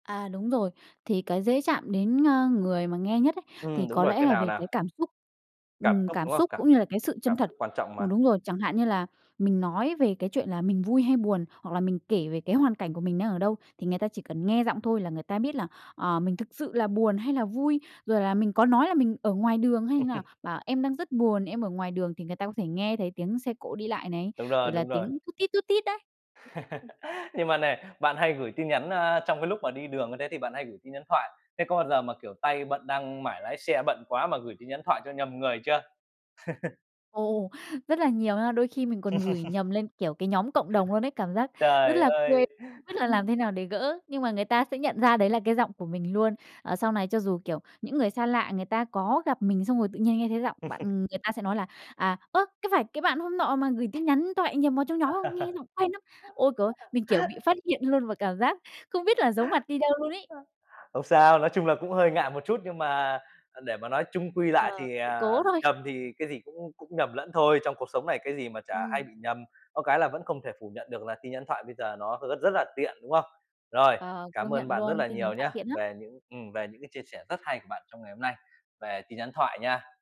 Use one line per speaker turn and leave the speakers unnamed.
À, đúng rồi. Thì cái dễ chạm đến, ơ, người mà nghe nhất ấy, thì
Ừm, đúng
có
rồi.
lẽ
Cái
là
nào
về
nào?
cái cảm xúc.
Cảm
Ừm,
xúc,
cảm
đúng không?
xúc
Cảm
cũng như là cái sự chân
cảm
thật.
xúc quan trọng mà.
Ừm, đúng rồi. Chẳng hạn như là mình nói về cái chuyện là mình vui hay buồn, hoặc là mình kể về cái hoàn cảnh của mình đang ở đâu, thì người ta chỉ cần nghe giọng thôi là người ta biết là, ờ, mình thực sự là buồn hay là vui, rồi là mình có nói là mình ở ngoài đường hay như nào, bảo: "Em đang rất buồn, em ở ngoài đường", thì người ta có thể nghe thấy tiếng xe cộ đi lại này,
Đúng rồi,
rồi là
đúng rồi.
tiếng tút tít, tút tít đấy.
Nhưng mà nè, bạn hay gửi tin nhắn, a, trong cái lúc mà đi đường thế thì bạn hay gửi tin nhắn thoại. Thế có bao giờ mà, kiểu, tay bận đang mãi lái xe, bận quá mà gửi tin nhắn thoại cho nhầm người chưa?
Ồ, rất là nhiều nha. Đôi khi mình còn gửi nhầm lên, kiểu, cái nhóm cộng đồng luôn ấy, cảm giác rất
Trời
là quê,
ơi!
[unintelligible] biết là làm thế nào để gỡ, nhưng mà người ta sẽ nhận ra đấy là cái giọng của mình luôn. Ờ, sau này cho dù, kiểu, những người xa lạ, người ta có gặp mình xong rồi tự nhiên nghe thấy giọng bạn, người ta sẽ nói là "À, ơ, có phải cái bạn hôm nọ mà gửi tin nhắn thoại nhầm vào trong nhóm không? Nghe giọng quen lắm." Ôi, c mình, kiểu, bị phát hiện luôn và cảm giác không biết là giấu mặt đi đâu luôn ấy.
Không sao, nói chung là cũng hơi ngại một chút nhưng mà, à, để mà nói chung quy lại
Ờ,
thì,
sự
à,
cố thôi.
nhầm thì cái gì cũng cũng nhầm lẫn thôi, trong cuộc sống này cái gì mà chả hay
Ừm.
bị nhầm. Có cái là vẫn không thể phủ nhận được là tin nhắn thoại bây giờ nó [unintelligible] rất là tiện, đúng không? Rồi,
Ờ, công
cảm ơn
nhận
bạn rất
luôn,
là
tin nhắn
nhiều
thoại
nhá,
tiện lắm.
về những ừm, về những cái chia sẻ rất hay của bạn trong ngày hôm nay về tin nhắn thoại nha.